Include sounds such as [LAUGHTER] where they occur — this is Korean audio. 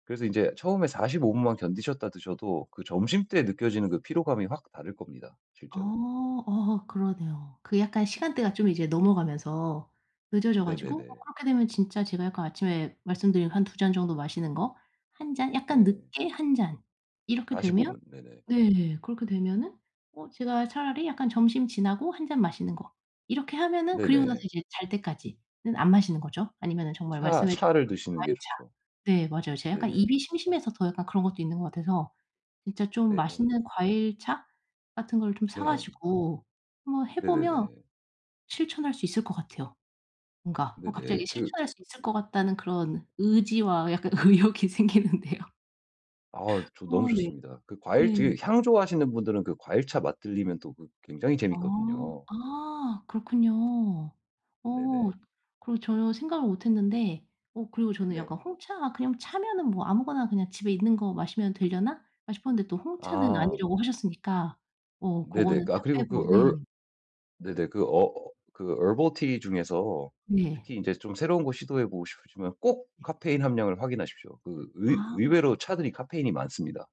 그래서 이제 처음에 45 분만 견디셨다 드셔도 그 점심때 느껴지는 그 피로감이 확 다를 겁니다 실제로. 어. 어 그러네요. 그 약간 시간대가 좀 이제 넘어가면서 늦어져 가지고 어 네네네. 그렇게 되면 진짜 제가 약간 아침에 말씀드린 한 2 잔 정도 마시는 거 1 잔 약간 네. 늦게 1 잔 이렇게 45 되면 분, 네네. 네. 그렇게 되면은 어 제가 차라리 약간 점심 지나고 1 잔 마시는 거, 이렇게 하면은 그리고 나서 네네. 이제 잘 때까지는 안 마시는 거죠. 아니면은 정말 차 말씀해 주신 차를 [UNINTELLIGIBLE] 드시는 게 과일차 좋죠. 네, 맞아요. 제가 약간 입이 네네. 심심해서 더 약간 그런 것도 있는 것 같아서 진짜 좀 네. 맛있는 과일차 같은 걸 좀 사 네. 가지고 한번 해 보면 네네네. 실천할 수 있을 것 같아요 뭔가. 어 갑자기 네네. 그 실천할 수 있을 것 같다는 그런 의지와 약간 의욕이 생기는데요. 아 저 아 너무 네. 좋습니다. 그 과일 네. 드 향 좋아하시는 분들은 그 과일차 맛들리면 또 그 굉장히 아. 재밌거든요. 아 그렇군요. 어 네네. 그리고 전혀 생각을 못 했는데 어 그리고 저는 약간 네. 홍차 '그냥 차면은 뭐 아무거나 그냥 집에 있는 거 마시면 되려나?' 싶었는데 또 홍차는 아. 아니라고 하셨으니까 어 네네. 고거는 아 다 그리고 그 빼고 얼 네. 네네, 그 어 어 그 얼버티 중에서 네. 특히 인제 좀 새로운 거 시도해 보고 싶으시면 꼭 카페인 함량을 확인하십시오. 그 의 아. 의외로 차들이 카페인이 많습니다.